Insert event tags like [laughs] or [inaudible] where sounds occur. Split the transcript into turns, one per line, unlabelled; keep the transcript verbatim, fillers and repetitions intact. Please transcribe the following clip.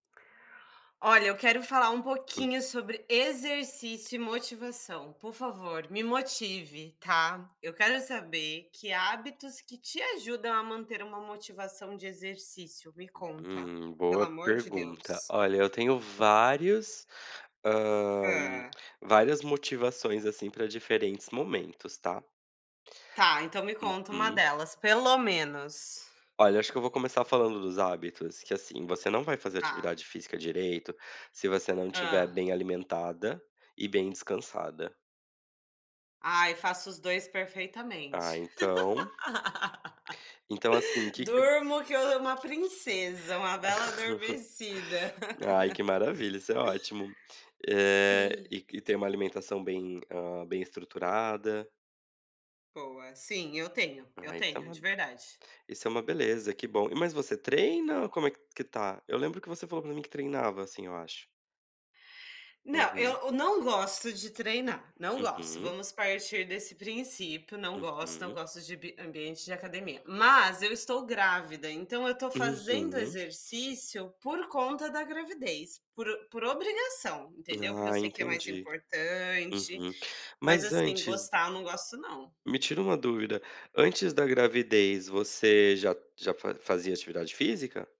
Olha, eu quero falar um
Hum.
pouquinho sobre exercício e motivação, por favor, me motive, tá? Eu quero saber que hábitos que te ajudam a manter uma motivação de exercício. Me conta,
Hum,
pelo
boa
amor de
pergunta.
Deus.
Olha, eu tenho vários, hã,
Hã.
várias motivações, assim, para diferentes momentos, tá.
Tá, então me conta uma
Uhum.
delas, pelo menos.
Olha, acho que eu vou começar falando dos hábitos, que, assim, você não vai fazer
Tá.
atividade física direito se você não estiver
Hã.
bem alimentada e bem descansada.
Ai, faço os dois
Ah,
perfeitamente.
então Então, assim, o
[laughs]
que que
Durmo que eu eu é uma princesa, uma bela adormecida.
[chuckles] Ai que
[laughs]
maravilha, isso é ótimo. Eh, e que ter uma alimentação bem, hã, bem estruturada.
Boa. Sim, eu tenho, eu
Ah, isso é
tenho de
uma
verdade.
isso é uma beleza, que bom. E mas você treina ou como é que está? Eu lembro que você falou para mim que treinava, assim, eu acho.
Não, eu
Uhum.
eu não gosto de treinar, não gosto,
Uhum.
vamos partir desse princípio. Não gosto, não
Uhum.
gosto de bi ambiente de academia, mas eu estou grávida, então eu estou fazendo
Uhum.
exercício por conta da gravidez, por o por obrigação, entendeu? Porque eu
Ah,
sei que é mais
entendi.
importante,
Uhum.
mas,
Mas
assim,
antes
gostar, eu não gosto não.
me tira uma dúvida, antes da gravidez você já já fa fazia atividade física?